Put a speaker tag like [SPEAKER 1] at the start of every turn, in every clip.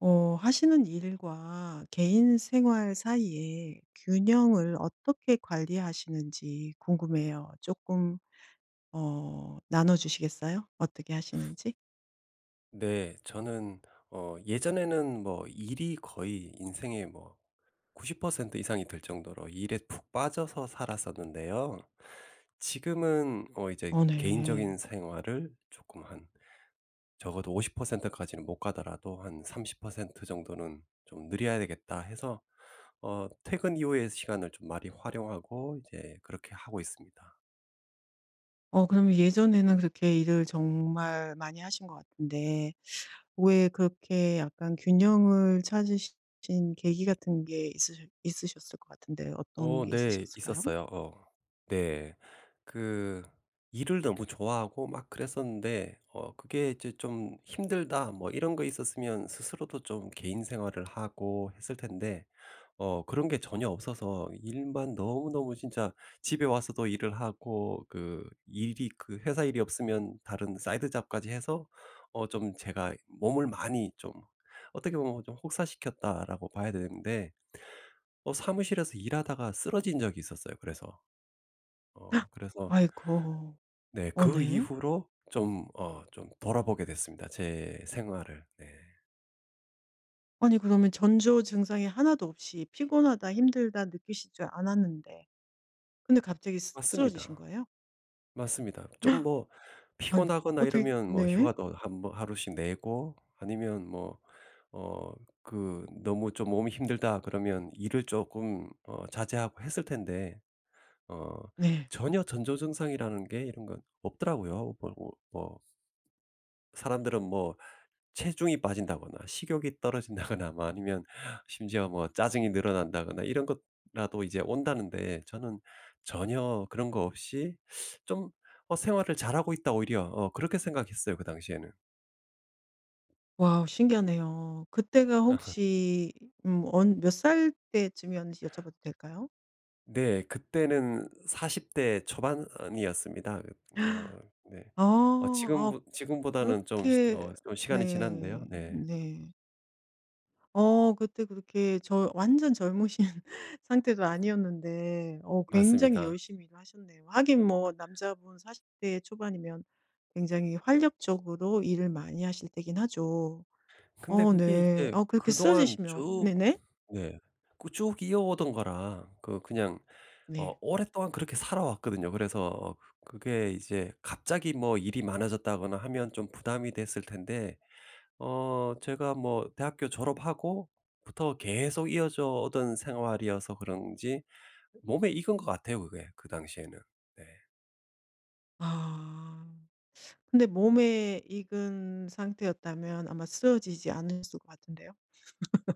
[SPEAKER 1] 어 하시는 일과 개인 생활 사이에 균형을 어떻게 관리하시는지 궁금해요. 쪼끔 어 나눠 주시겠어요, 어떻게 하시는지?
[SPEAKER 2] 네 저는 어 예전에는 뭐 일이 거의 인생의 뭐 90% 이상이 될 정도로 일에 푹 빠져서 살았었는데요 지금은 어 이제
[SPEAKER 1] 어
[SPEAKER 2] '개인적인
[SPEAKER 1] 네.
[SPEAKER 2] 생활을 쪼금 한 적어도 50% 까지는 못 가더라도 한 30% 정도는 좀 늘여야 되겠다.' 해서 어 퇴근 이후에 시간을 좀 많이 활용하고 이제 그렇게 하고 있습니다.
[SPEAKER 1] 어 그러면 예전에는 그렇게 일을 정말 많이 하신 것 같은데 왜 그렇게 약간 균형을 찾으시 신 계기 같은 게 있으셔 있으셨을 것 같은데 어떤
[SPEAKER 2] 어
[SPEAKER 1] 게
[SPEAKER 2] 네
[SPEAKER 1] 있으셨을까요?
[SPEAKER 2] 있었어요. 어 네. 그 일을 너무 좋아하고 막 그랬었는데 어 그게 이제 '좀 힘들다.' 뭐 이런 거 있었으면 스스로도 좀 개인 생활을 하고 했을 텐데 어 그런 게 전혀 없어서 일만 너무너무 진짜 집에 와서도 일을 하고 그 일이 그 회사 일이 없으면 다른 side job까지 해서 어 좀 제가 몸을 많이 좀 어떻게 보면 좀 '혹사시켰다.'라고 봐야 되는데 어 사무실에서 일하다가 쓰러진 적이 있었어요 그래서. 어 그래서
[SPEAKER 1] 아이고.
[SPEAKER 2] 네
[SPEAKER 1] 오
[SPEAKER 2] 그
[SPEAKER 1] 네.
[SPEAKER 2] 이후로 좀 어 좀 돌아보게 됐습니다, 제 생활을. 네.
[SPEAKER 1] 아니 그러면 전조 증상이 1 도 없이 '피곤하다.', '힘들다.' 느끼시지 않았는데 근데 갑자기 쓰 쓰러지신
[SPEAKER 2] 맞습니다.
[SPEAKER 1] 거예요?
[SPEAKER 2] 맞습니다. 좀 뭐
[SPEAKER 1] 아니
[SPEAKER 2] 피곤하거나
[SPEAKER 1] 어떻게
[SPEAKER 2] 이러면 뭐
[SPEAKER 1] 네.
[SPEAKER 2] 휴가도 1 번 하루씩 내고 아니면 뭐 어 그 너무 좀 몸이 힘들다 그러면 일을 쪼끔 어 자제하고 했을 텐데 어
[SPEAKER 1] 네.
[SPEAKER 2] 전혀 전조증상이라는 게 이런 건 없더라고요. 그러고 뭐 사람들은 뭐 체중이 빠진다거나 식욕이 떨어진다거나 뭐 아니면 심지어 뭐 짜증이 늘어난다거나 이런 거라도 이제 온다는데 저는 전혀 그런 거 없이 좀 '어 생활을 잘하고 있다.' 오히려 어 그렇게 생각했어요 그 당시에는.
[SPEAKER 1] 와 신기하네요. 그때가 혹시 음 언 몇 살 때쯤이었는지 여쭤봐도 될까요?
[SPEAKER 2] 네 그때는 40 대 초반이었습니다. 음 어 네. 어
[SPEAKER 1] 아. 아
[SPEAKER 2] 지금보 지금보다는 좀 시
[SPEAKER 1] 그렇게
[SPEAKER 2] 어 좀 시간이
[SPEAKER 1] 네.
[SPEAKER 2] 지났는데요. 네.
[SPEAKER 1] 네. 어 그때 그렇게 저 완전 젊으신 상태도 아니었는데 어 굉장히
[SPEAKER 2] 맞습니다.
[SPEAKER 1] 열심히 일을 하셨네요. 하긴 뭐 남자분 40 대 초반이면 굉장히 활력적으로 일을 많이 하실 때기는 하죠.
[SPEAKER 2] 근데
[SPEAKER 1] 어
[SPEAKER 2] 그게
[SPEAKER 1] 네.
[SPEAKER 2] 이제
[SPEAKER 1] 어 그렇게
[SPEAKER 2] 그동안
[SPEAKER 1] 쓰러지시면
[SPEAKER 2] 쭉
[SPEAKER 1] 네네.
[SPEAKER 2] 네. 그 쭉 이어오던 거라 그 그냥 어
[SPEAKER 1] 네.
[SPEAKER 2] 오랫동안 그렇게 살아왔거든요. 그래서 그게 이제 갑자기 뭐 일이 많아졌다거나 하면 좀 부담이 됐을 텐데 어 제가 뭐 대학교 졸업하고부터 계속 이어져 오던 생활이어서 그런지 몸에 익은 것 같아요 그게 그 당시에는. 네.
[SPEAKER 1] 아. 근데 몸에 익은 상태였다면 아마 쓰러지지 않으셨을 것 같은데요.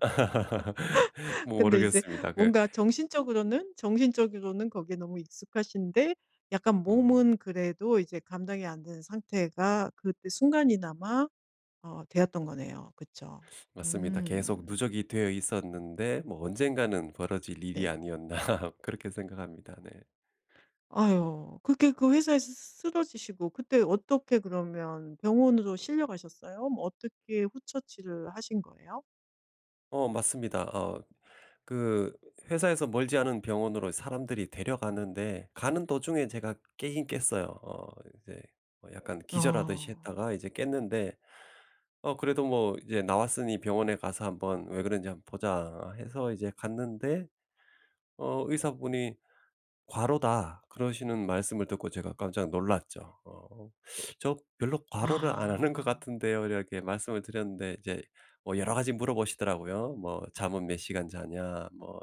[SPEAKER 1] 근데 이제
[SPEAKER 2] 모르겠습니다. 그
[SPEAKER 1] 뭔가 정신적으로는 정신적으로는 거기에 너무 익숙하신데 약간
[SPEAKER 2] 음.
[SPEAKER 1] 몸은 그래도 이제 감당이 안 된 상태가 그때 순간이나마 어 되었던 거네요. 그쵸.
[SPEAKER 2] 맞습니다. 계속
[SPEAKER 1] 음.
[SPEAKER 2] 누적이 되어 있었는데 '뭐 언젠가는 벌어질 일이
[SPEAKER 1] 네.
[SPEAKER 2] 아니었나.' 그렇게 생각합니다. 네.
[SPEAKER 1] 아유. 그렇게 그 회사에서 쓰 쓰 쓰러지시고 그때 어떻게 그러면 병원으로 실려 가셨어요? 뭐 어떻게 후처치를 하신 거예요?
[SPEAKER 2] 어 맞습니다. 어 그 회사에서 멀지 않은 병원으로 사람들이 데려갔는데 가는 도중에 제가 깨기는 깼어요. 어 이제 뭐 약간
[SPEAKER 1] 어.
[SPEAKER 2] 기절하듯이 했다가 이제 깼는데 어 그래도 뭐 이제 나왔으니 병원에 가서 한번 왜 그런지 한번 보자 해서 이제 갔는데 어 의사분이 "과로다." 그러시는 말씀을 듣고 제가 깜짝 놀랐죠. 어 "저 별로 과로를 안 하는 것
[SPEAKER 1] 아.
[SPEAKER 2] 같은데요." 이렇게 말씀을 드렸는데 이제 뭐 여러 가지 물어보시더라고요. 뭐 "잠은 몇 시간 자냐?" 뭐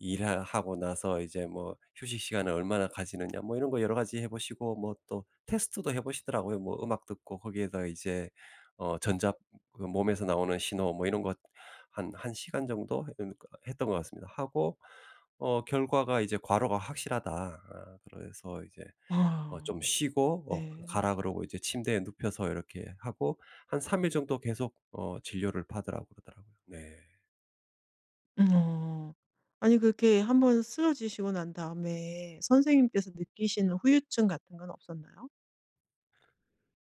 [SPEAKER 2] "일하 하고 나서 이제 뭐 휴식시간을 얼마나 가지느냐?" 뭐 이런 거 여러 가지 해 보시고 뭐 또 테스트도 해 보시더라고요. 뭐 음악 듣고 거기에다가 이제 어 전자 그 몸에서 나오는 신호 뭐 이런 거 한 1 시간 정도 이렇게 했던 것 같습니다. 하고 어 결과가 이제 "과로가 확실하다." 아 그래서 이제 "어 좀
[SPEAKER 1] 아.
[SPEAKER 2] 쉬고 어
[SPEAKER 1] 네.
[SPEAKER 2] 가라." 그러고 이제 침대에 눕혀서 이렇게 하고 한 3 일 정도 계속 어 진료를 받으라고 그러더라고요. 네.
[SPEAKER 1] 음 어. 아니 그렇게 1 번 쓰러지시고 난 다음에 선생님께서 느끼시는 후유증 같은 건 없었나요?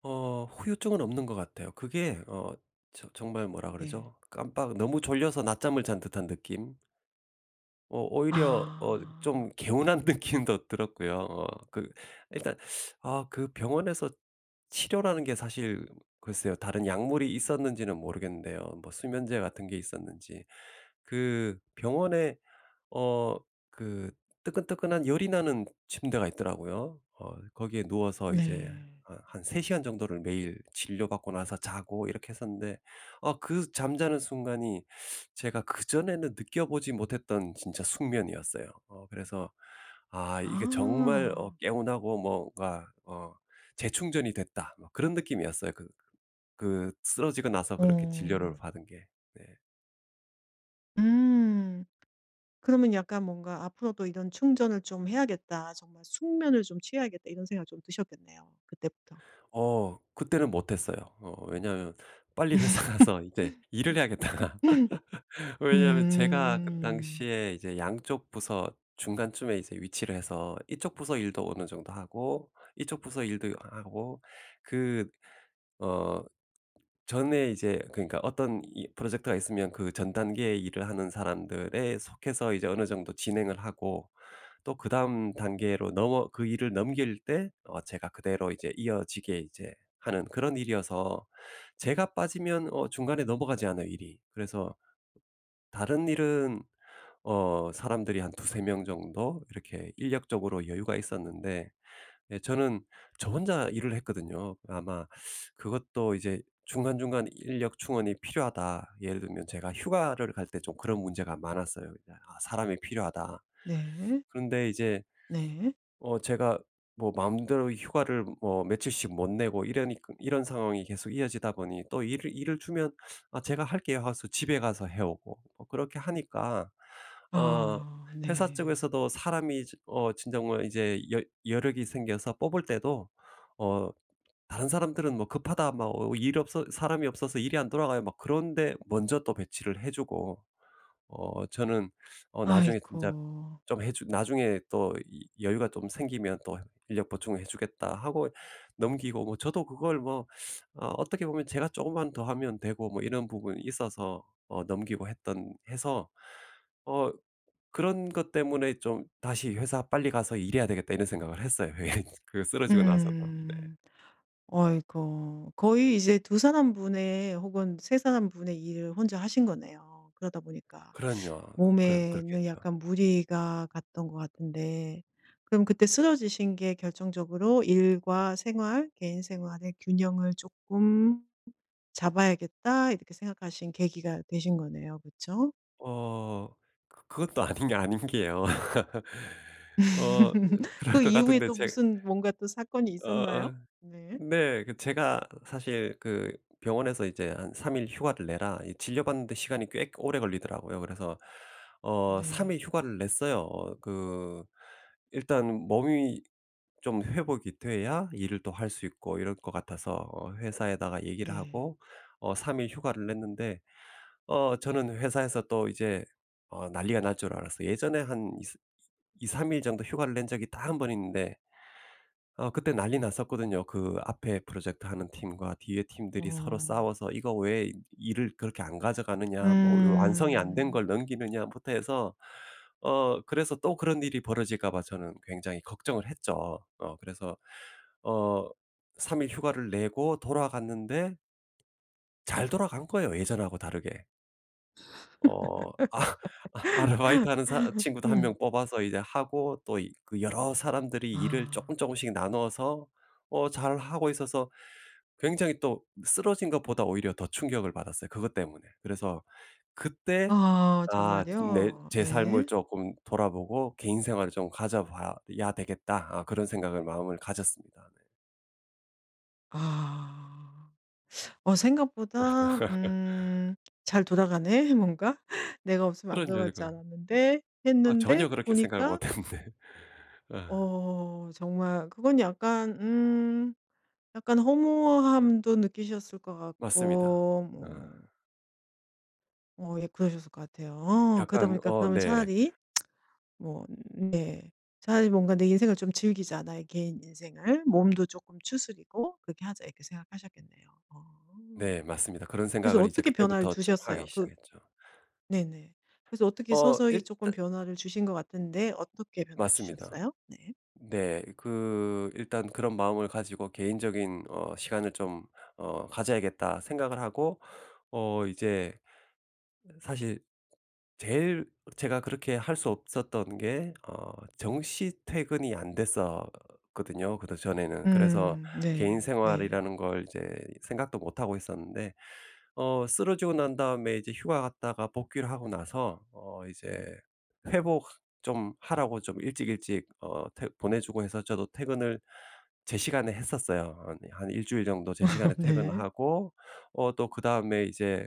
[SPEAKER 2] 어 후유증은 없는 것 같아요. 그게 어 저 정말 뭐라
[SPEAKER 1] 네.
[SPEAKER 2] 그러죠? 깜빡 너무 졸려서 낮잠을 잔 듯한 느낌? 어 오히려 어 좀
[SPEAKER 1] 아.
[SPEAKER 2] 개운한 느낌도 들었고요. 어 그 일단 아 그 병원에서 치료라는 게 사실 글쎄요. 다른 약물이 있었는지는 모르겠는데요. 뭐 수면제 같은 게 있었는지. 그 병원에 어 그 뜨끈뜨끈한 열이 나는 침대가 있더라고요. 어 거기에 누워서 이제
[SPEAKER 1] 네.
[SPEAKER 2] 한 한 3 시간 정도를 매일 진료받고 나서 자고 이렇게 했었는데 어 그 잠자는 순간이 제가 그전에는 느껴보지 못했던 진짜 숙면이었어요. 어 그래서 '아 이게 정말 어
[SPEAKER 1] 아.
[SPEAKER 2] 개운하고 뭐가 어 재충전이 됐다.' 뭐 그런 느낌이었어요 그 그 쓰러지고 나서 그렇게 진료를
[SPEAKER 1] 어.
[SPEAKER 2] 받은 게. 네.
[SPEAKER 1] 음. 그러면 약간 뭔가 '앞으로도 이런 충전을 좀 해야겠다. 정말 숙면을 좀 취해야겠다.' 이런 생각이 좀 드셨겠네요 그때부터.
[SPEAKER 2] 어 그때는 못했어요. 어 왜냐하면 '빨리 회사 가서 이제 일을 해야겠다.'가 왜냐하면 제가 그
[SPEAKER 1] 음.
[SPEAKER 2] 당시에 이제 양쪽 부서 중간쯤에 이제 위치를 해서 이쪽 부서 일도 어느 정도 하고 이쪽 부서 일도 하고 그 어 전에 이제 그니까 어떤 이 프로젝트가 있으면 그 전 단계의 일을 하는 사람들에 속해서 이제 어느 정도 진행을 하고 또 그다음 단계로 넘어 그 일을 넘길 때 어 제가 그대로 이제 이어지게 이제 하는 그런 일이어서 제가 빠지면 어 중간에 넘어가지 않아요 일이. 그래서 다른 일은 어 사람들이 한 2-3 명 정도 이렇게 인력적으로 여유가 있었는데 네 저는 저 혼자 일을 했거든요. 아마 그것도 이제 중간중간 '인력 충원이 필요하다.' 예를 들면 제가 휴가를 갈 때 좀 그런 문제가 많았어요. 이제 '아 사람이 필요하다.'
[SPEAKER 1] 네.
[SPEAKER 2] 그런데 이제
[SPEAKER 1] 네.
[SPEAKER 2] 어 제가 뭐 마음대로 휴가를 뭐 며칠씩 못 내고 이러니ㄲ 이런 상황이 계속 이어지다 보니 또 일을 일을 주면 "아 제가 할게요." 하고서 집에 가서 해오고 어 그렇게 하니까 어
[SPEAKER 1] 아
[SPEAKER 2] 회사
[SPEAKER 1] 네.
[SPEAKER 2] 쪽에서도 사람이 지 어 진정 뭐 이제 여 여력이 생겨서 뽑을 때도 어 다른 사람들은 뭐 "급하다." 막 어 일 없어 "사람이 없어서 일이 안 돌아가요." 막 그런 데 먼저 또 배치를 해주고 어 저는 어 나중에 진짜
[SPEAKER 1] 아이고.
[SPEAKER 2] 좀 해주 나중에 또 이 "여유가 좀 생기면 또 인력 보충을 해주겠다." 하고 넘기고 뭐 저도 그걸 뭐 어 어떻게 보면 제가 조금만 더 하면 되고 뭐 이런 부분이 있어서 어 넘기고 했던 해서 어 그런 것 때문에 좀 '다시 회사 빨리 가서 일해야 되겠다.' 이런 생각을 했어요. 예. 그 쓰러지고 나서도. 네.
[SPEAKER 1] 음. 아이고. 거의 이제 2 사람 분의 혹은 3 사람 분의 일을 혼자 하신 거네요. 그러다 보니까
[SPEAKER 2] 그럼요. 그 그럼
[SPEAKER 1] 몸에는
[SPEAKER 2] 그렇겠죠.
[SPEAKER 1] 약간 무리가 갔던 것 같은데 그럼 그때 쓰러지신 게 결정적으로 '일과 생활 개인 생활의 균형을 쪼끔 잡아야겠다.' 이렇게 생각하신 계기가 되신 거네요. 그쵸?
[SPEAKER 2] 어 그 그것도 아닌 게 아닌 게요. 어 그 그럴
[SPEAKER 1] 그
[SPEAKER 2] 것
[SPEAKER 1] 이후에
[SPEAKER 2] 같은데
[SPEAKER 1] 또
[SPEAKER 2] 제
[SPEAKER 1] 무슨 뭔가 또 사건이 있었나요?
[SPEAKER 2] 어.
[SPEAKER 1] 네.
[SPEAKER 2] 네. 그 제가 사실 그 병원에서 이제 "한 3 일 휴가를 내라." 이 진료받는데 시간이 꽤 오래 걸리더라고요. 그래서 어 3
[SPEAKER 1] 네.
[SPEAKER 2] 일 휴가를 냈어요. 어 그 일단 몸이 좀 회복이 돼야 일을 또 할 수 있고 이럴 것 같아서 어 회사에다가 얘기를
[SPEAKER 1] 네.
[SPEAKER 2] 하고 어 3 일 휴가를 냈는데 어 저는 회사에서 또 이제 어 난리가 날 줄 알았어요. 예전에 한 이ㅅ 2-3 일 정도 휴가를 낸 적이 딱 1 번 있는데 어 그때 난리 났었거든요. 그 앞에 프로젝트 하는 팀과 뒤에 팀들이 서로
[SPEAKER 1] 어.
[SPEAKER 2] 싸워서 '이거 왜 일을 그렇게 안 가져가느냐. 뭐 요 완성이 안 된
[SPEAKER 1] 음.
[SPEAKER 2] 걸 넘기느냐.'부터 해서 어 그래서 또 그런 일이 벌어질까 봐 저는 굉장히 걱정을 했죠. 어 그래서 어 3 일 휴가를 내고 돌아갔는데 잘 돌아간 거예요 예전하고 다르게. 어. 아. 아 아르바이트하는 사 친구도 1
[SPEAKER 1] 음.
[SPEAKER 2] 명 뽑아서 이제 하고 또 이 그 여러 사람들이 일을 쪼끔
[SPEAKER 1] 아.
[SPEAKER 2] 쪼끔씩 나눠서 어 잘 하고 있어서 굉장히 또 쓰러진 것보다 오히려 더 충격을 받았어요 그것 때문에. 그래서 그때
[SPEAKER 1] 아
[SPEAKER 2] '아
[SPEAKER 1] 정말요?
[SPEAKER 2] 내 제 삶을
[SPEAKER 1] 네.
[SPEAKER 2] 쪼끔 돌아보고 개인 생활을 좀 가져봐야 되겠다.' 아 그런 생각을 마음을 가졌습니다. 네.
[SPEAKER 1] 아. '어 생각보다 음 잘 돌아가네 뭔가. 내가 없으면 안
[SPEAKER 2] 그럼요.
[SPEAKER 1] 돌아갈 줄
[SPEAKER 2] 이거
[SPEAKER 1] 알았는데.'
[SPEAKER 2] 아.
[SPEAKER 1] 했는데
[SPEAKER 2] 전혀 그렇게 생각을
[SPEAKER 1] 보니까
[SPEAKER 2] 못 했는데. 어.
[SPEAKER 1] 어. 정말 그건 약간 음 약간 허무함도 느끼셨을 것
[SPEAKER 2] 맞습니다.
[SPEAKER 1] 같고 뭐
[SPEAKER 2] 어.
[SPEAKER 1] 어 예. 그러셨을 것 같아요. 어 그러다
[SPEAKER 2] 약간
[SPEAKER 1] 보니까
[SPEAKER 2] 어.
[SPEAKER 1] 그러면
[SPEAKER 2] 네.
[SPEAKER 1] 차라리 뭐 네. '차라리 뭔가 내 인생을 좀 즐기자. 나의 개인 인생을 몸도 쪼끔 추스르고. 그렇게 하자.' 이렇게 생각하셨겠네요. 어.
[SPEAKER 2] 네. 맞습니다. 그런
[SPEAKER 1] 그래서
[SPEAKER 2] 생각을 이제
[SPEAKER 1] 어떻게 변화를
[SPEAKER 2] 그때부터 좀 하기
[SPEAKER 1] 두셨어요? 그
[SPEAKER 2] 시작했죠.
[SPEAKER 1] 네네. 그래서 어떻게
[SPEAKER 2] 어.
[SPEAKER 1] 서서히 쪼끔
[SPEAKER 2] 일단
[SPEAKER 1] 변화를 주신 것 같은데 어떻게 변화를
[SPEAKER 2] 맞습니다.
[SPEAKER 1] 주셨어요? 네.
[SPEAKER 2] 네. 그 일단 그런 마음을 가지고 '개인적인 어 시간을 좀 어 가져야겠다.' 생각을 하고 어 이제 사실 제일 제가 그렇게 할 수 없었던 게 어 정시 퇴근이 안됐었거든요 그전에는. 그래서
[SPEAKER 1] 음.
[SPEAKER 2] 개인
[SPEAKER 1] 네. 네.
[SPEAKER 2] 생활이라는 걸 이제 생각도 못 하고 있었는데 어 쓰러지고 난 다음에 이제 휴가 갔다가 복귀를 하고 나서 어 이제 회복 좀 하라고 좀 일찍 일찍 어 퇴 보내주고 해서 저도 퇴근을 제 시간에 했었어요. 어 네. 한 1 주일 정도 제 시간에 퇴근을
[SPEAKER 1] 네.
[SPEAKER 2] 하고 어 또 그다음에 이제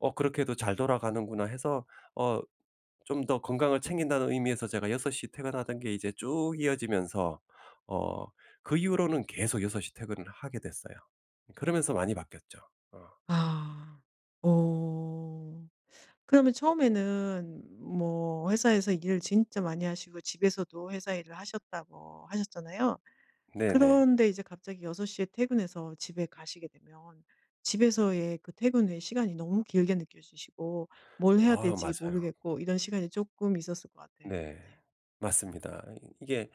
[SPEAKER 2] '어 그렇게도 잘 돌아가는구나.' 해서 어 좀 더 건강을 챙긴다는 의미에서 제가 6 시에 퇴근하던 게 이제 쭉 이어지면서 어 그 이후로는 계속 6 시에 퇴근을 하게 됐어요. 그러면서 많이 바뀌었죠. 어.
[SPEAKER 1] 아. 어. 그러면 처음에는 뭐 회사에서 일을 진짜 많이 하시고 집에서도 회사 일을 하셨다고 하셨잖아요.
[SPEAKER 2] 네네.
[SPEAKER 1] 그런데 이제 갑자기 6 시에 퇴근해서 집에 가시게 되면 집에서의 그 퇴근 후에 시간이 너무 길게 느껴지시고 뭘 해야
[SPEAKER 2] 아
[SPEAKER 1] 될지
[SPEAKER 2] 맞아요.
[SPEAKER 1] 모르겠고 이런 시간이 쪼끔 있었을 것 같아요.
[SPEAKER 2] 네.
[SPEAKER 1] 네.
[SPEAKER 2] 맞습니다. 이 이게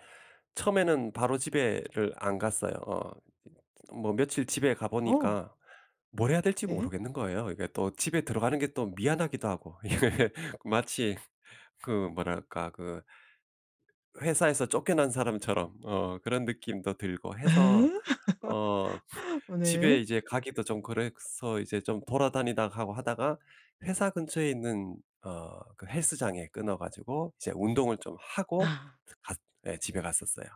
[SPEAKER 2] 처음에는 바로 집에를 안 갔어요. 어 이 뭐 며칠 집에 가
[SPEAKER 1] 어.
[SPEAKER 2] 보니까 뭘 해야 될지
[SPEAKER 1] 네.
[SPEAKER 2] 모르겠는 거예요. 이게 또 집에 들어가는 게 또 미안하기도 하고. 이게 마치 그 뭐랄까. 그 회사에서 쫓겨난 사람처럼 어 그런 느낌도 들고
[SPEAKER 1] 예?
[SPEAKER 2] 해서 어 집에
[SPEAKER 1] 오늘
[SPEAKER 2] 이제 가기도 좀 그래서 이제 좀 돌아다니다 하고 하다가 회사 근처에 있는 어 그 헬스장에 끊어 가지고 이제 운동을 좀 하고
[SPEAKER 1] 아.
[SPEAKER 2] 갔 네 집에 갔었어요.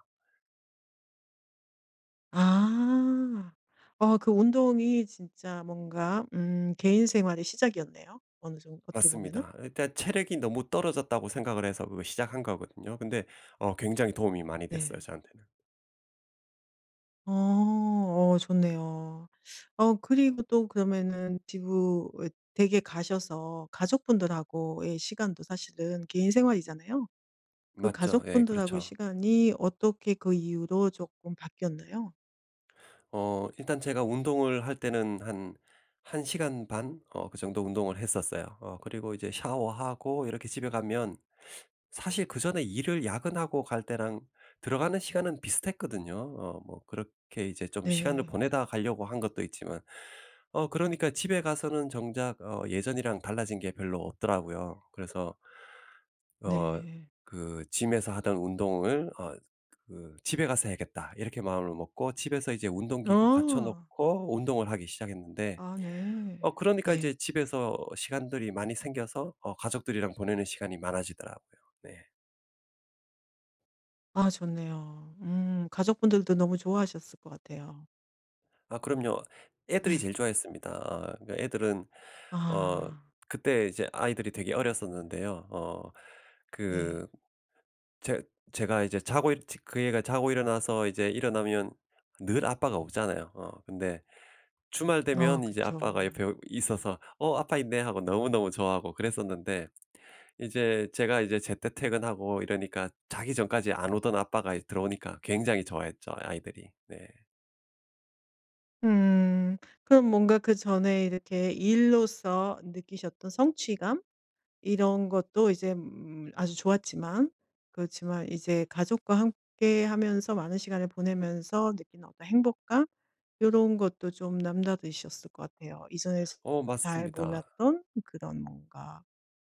[SPEAKER 1] 아. 어 그 운동이 진짜 뭔가 음 개인 생활의 시작이었네요. 어느 정 어떻게 보면은.
[SPEAKER 2] 맞습니다. 일단 체력이 너무 떨어졌다고 생각을 해서 그걸 시작한 거거든요. 근데 어 굉장히 도움이 많이 됐어요
[SPEAKER 1] 네.
[SPEAKER 2] 저한테는.
[SPEAKER 1] 어. 어 좋네요. 어 그리고 또 그러면은 지구 어 댁에 가셔서 가족분들하고의 시간도 사실은 개인 생활이잖아요. 그
[SPEAKER 2] 맞죠. 예
[SPEAKER 1] 가족분들하고의
[SPEAKER 2] 그렇죠.
[SPEAKER 1] 시간이 어떻게 그 이후로 쪼끔 바뀌었나요?
[SPEAKER 2] 어 일단 제가 운동을 할 때는 한 1 시간 반 어 그 정도 운동을 했었어요. 어 그리고 이제 샤워하고 이렇게 집에 가면 사실 그전에 일을 야근하고 갈 때랑 들어가는 시간은 비슷했거든요 어 뭐 그렇게 이제 좀 시간을
[SPEAKER 1] 네.
[SPEAKER 2] 보내다 가려고 한 것도 있지만. 어 그러니까 집에 가서는 정작 어 예전이랑 달라진 게 별로 없더라고요. 그래서 어
[SPEAKER 1] 네.
[SPEAKER 2] 그' Gym에서 하던 운동을 어 그 집에 가서 해야겠다.' 이렇게 마음을 먹고 집에서 이제 운동기구 갖춰
[SPEAKER 1] 어.
[SPEAKER 2] 놓고 운동을 하기 시작했는데
[SPEAKER 1] 아
[SPEAKER 2] 어
[SPEAKER 1] 네.
[SPEAKER 2] 그러니까
[SPEAKER 1] 네.
[SPEAKER 2] 이제 집에서 시간들이 많이 생겨서 어 가족들이랑 보내는 시간이 많아지더라고요. 네.
[SPEAKER 1] 아 좋네요. 음 가족분들도 너무 좋아하셨을 것 같아요.
[SPEAKER 2] 아 그럼요. 애들이 제일 좋아했습니다. 어 애들은 어
[SPEAKER 1] 아.
[SPEAKER 2] 그때 이제 아이들이 되게 어렸었는데요 어
[SPEAKER 1] 네.
[SPEAKER 2] 그 제 제가 이제 자고 일 저 그 애가 자고 일어나서 이제 일어나면 늘 아빠가 없잖아요. 어 근데 주말
[SPEAKER 1] 어
[SPEAKER 2] 되면 이제
[SPEAKER 1] 그쵸.
[SPEAKER 2] 아빠가 옆에 있어서 "어 아빠 있네." 하고 너무너무 좋아하고 그랬었는데 이제 제가 이제 제때 퇴근하고 이러니까 자기 전까지 안 오던 아빠가 이제 들어오니까 굉장히 좋아했죠 아이들이. 네.
[SPEAKER 1] 음. 그럼 뭔가 그전에 이렇게 일로서 느끼셨던 성취감 이런 것도 이제 음 아주 좋았지만 그렇지만 이제 가족과 함께 하면서 많은 시간을 보내면서 느끼는 어떤 행복감? 요런 것도 좀 남다르셨을 것 같아요. 이전에 즈
[SPEAKER 2] 어
[SPEAKER 1] 잘
[SPEAKER 2] 맞습니다.
[SPEAKER 1] 몰랐던 그런 뭔가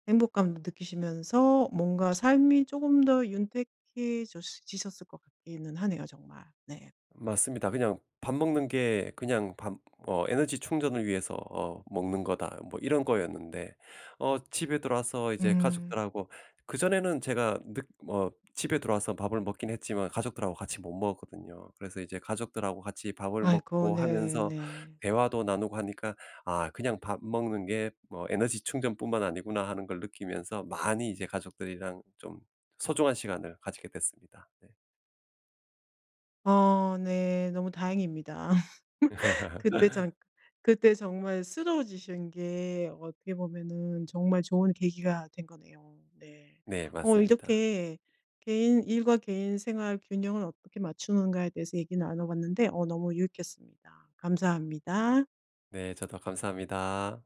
[SPEAKER 1] 행복감도 느끼시면서 뭔가 삶이 쪼금 더 윤택해져 지셨을 것 같기는 하네요 정말. 네.
[SPEAKER 2] 맞습니다. '그냥 밥 먹는 게 그냥 밥 어 에너지 충전을 위해서 어 먹는 거다.' 뭐 이런 거였는데 어 집에 들어와서 이제
[SPEAKER 1] 음.
[SPEAKER 2] 가족들하고 그전에는 제가 늦 어 집에 들어와서 밥을 먹기는 했지만 가족들하고 같이 못 먹었거든요. 그래서 이제 가족들하고 같이 밥을
[SPEAKER 1] 아이고
[SPEAKER 2] 먹고
[SPEAKER 1] 네
[SPEAKER 2] 하면서
[SPEAKER 1] 네.
[SPEAKER 2] 대화도 나누고 하니까 '아 그냥 밥 먹는 게 뭐 에너지 충전뿐만 아니구나.' 하는 걸 느끼면서 많이 이제 가족들이랑 좀 소중한 시간을 가지게 됐습니다. 네.
[SPEAKER 1] 어 네 너무 다행입니다. 그때 잠 그때 정말 쓰러지신 게 어떻게 보면은 정말 좋은 계기가 된 거네요. 네.
[SPEAKER 2] 네
[SPEAKER 1] 어
[SPEAKER 2] 맞습니다.
[SPEAKER 1] 이렇게 개인 일과 개인 생활 균형을 어떻게 맞추는가에 대해서 얘기 나눠봤는데 어 너무 유익했습니다. 감사합니다.
[SPEAKER 2] 네 저도 감사합니다.